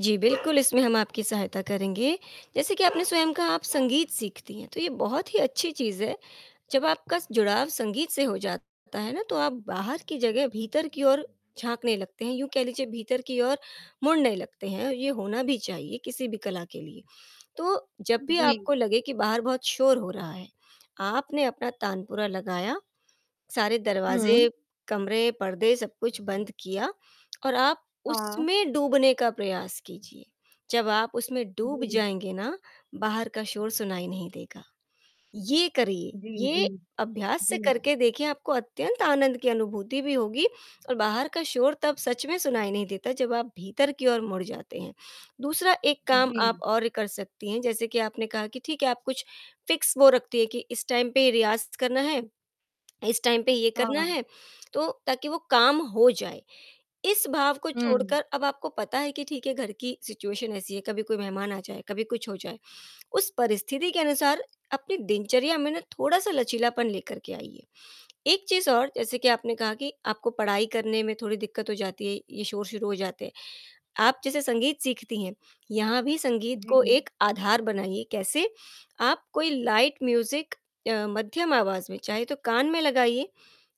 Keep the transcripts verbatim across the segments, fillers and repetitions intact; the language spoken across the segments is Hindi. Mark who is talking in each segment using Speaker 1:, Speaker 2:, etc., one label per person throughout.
Speaker 1: जी, बिल्कुल इसमें हम आपकी सहायता करेंगे, जैसे कि आपने स्वयं कहा आप संगीत सीखती हैं, तो ये बहुत ही अच्छी चीज़ है, जब आपका जुड़ाव संगीत से हो जाता है ना, तो आप बाहर की जगह भीतर की ओर झाँकने लगते हैं, यूँ कह लीजिए भीतर की ओर मुड़ने लगते हैं, ये होना भी चाहिए किसी भी कला के लिए, तो जब भी
Speaker 2: जी।
Speaker 1: आपको लगे कि बाहर बहुत शोर हो रहा है, आपने अपना तानपुरा लगाया, सारे
Speaker 2: हुँ।
Speaker 1: दरवाज़े, कमरे, पर्दे सब कुछ बंद किया और आप
Speaker 2: हाँ।
Speaker 1: उसमें डूबने का प्रयास कीजिए, जब आप उसमें डूब
Speaker 2: जी।
Speaker 1: जाएँगे ना, बाहर का शोर सुनाई नहीं देगा, ये करिए,
Speaker 2: जी, जी।
Speaker 1: ये अभ्यास से
Speaker 2: जी।
Speaker 1: करके देखिए आपको अत्यंत आनंद की अनुभूति भी होगी और बाहर का शोर तब सच में सुनाई नहीं देता, जब आप भीतर की ओर मुड़ जाते हैं। दूसरा एक काम आप
Speaker 2: जी।
Speaker 1: और कर सकती हैं, जैसे कि आपने कहा कि ठीक है, आप कुछ फिक्स वो रखती हैं कि इस टाइम पे रियाज़ करना है, इस टाइम पे ये करना
Speaker 2: हाँ।
Speaker 1: है, तो ताकि वो काम हो जाए, इस भाव को
Speaker 2: हुँ।
Speaker 1: छोड़कर अब आपको पता है कि ठीक है घर की सिचुएशन ऐसी है, कभी कोई मेहमान आ जाए, कभी कुछ हो जाए, उस परिस्थिति के अनुसार अपनी दिनचर्या में ना थोड़ा-सा लचीलापन लेकर के आइए, एक चीज़ और जैसे कि आपने कहा कि आपको पढ़ाई करने में थोड़ी दिक्कत हो जाती है, ये शोर शुरू हो जाते हैं, आप जैसे संगीत सीखती हैं, यहाँ भी संगीत को
Speaker 2: जी।
Speaker 1: एक आधार बनाइए, कैसे? आप कोई लाइट म्यूज़िक अ, मध्यम आवाज़ में चाहे तो कान में लगाइए,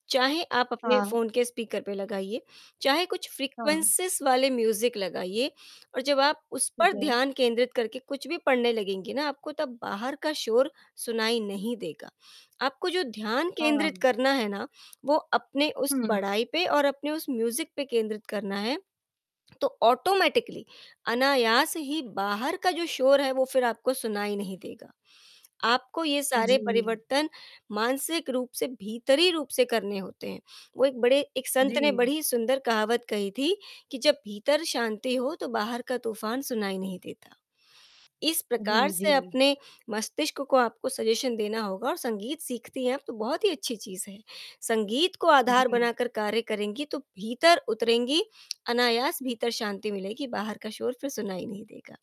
Speaker 1: चाहे आप अपने
Speaker 2: हाँ।
Speaker 1: फ़ोन के स्पीकर पे लगाइए, चाहे कुछ
Speaker 2: हाँ।
Speaker 1: फ्रीक्वेंसीज़ वाले म्यूज़िक लगाइए और जब आप उस
Speaker 2: ठीक
Speaker 1: पर
Speaker 2: है।
Speaker 1: ध्यान केंद्रित करके कुछ भी पढ़ने लगेंगी ना, आपको तब बाहर का शोर सुनाई नहीं देगा, आपको जो ध्यान केंद्रित
Speaker 2: हाँ।
Speaker 1: करना है ना, वो अपने उस
Speaker 2: हुँ।
Speaker 1: पढ़ाई पे और अपने उस म्यूज़िक पे केंद्रित करना है, तो ऑटोमैटिकली, अनायास ही बाहर का जो शोर है, वो फ़िर आपको सुनाई नहीं देगा। आपको ये सारे
Speaker 2: जी।
Speaker 1: परिवर्तन मानसिक रूप से, भीतरी रूप से करने होते हैं, वो एक बड़े एक संत ने
Speaker 2: जी।
Speaker 1: बड़ी सुंदर कहावत कही थी कि, "जब भीतर शांति हो तो बाहर का तूफान सुनाई नहीं देता," इस प्रकार
Speaker 2: जी,
Speaker 1: से
Speaker 2: जी।
Speaker 1: अपने मस्तिष्क को आपको सजेशन देना होगा और संगीत सीखती हैं आप तो, बहुत ही अच्छी चीज़ है, संगीत को आधार
Speaker 2: जी।
Speaker 1: बनाकर कार्य करेंगी तो भीतर उतरेंगी, अनायास भीतर शांति मिलेगी, बाहर का शोर फ़िर सुनाई नहीं देगा,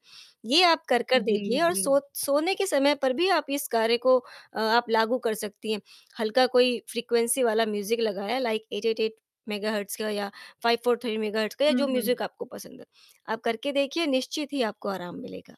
Speaker 1: ये आप कर-कर
Speaker 2: जी,
Speaker 1: देखिए और
Speaker 2: जी।
Speaker 1: सो सोने के समय पर भी आप इस कार्य को अ, आप लागू कर सकती हैं, हल्का कोई फ्रीक्वेंसी वाला म्यूज़िक लगाया like eight eight eight megahertz का या फ़ाइव फ़ोर थ्री मेगाहर्ट्ज़ का या जो
Speaker 2: हुँ।
Speaker 1: म्यूज़िक आपको पसंद है, आप करके देखिए निश्चित ही आपको आराम मिलेगा।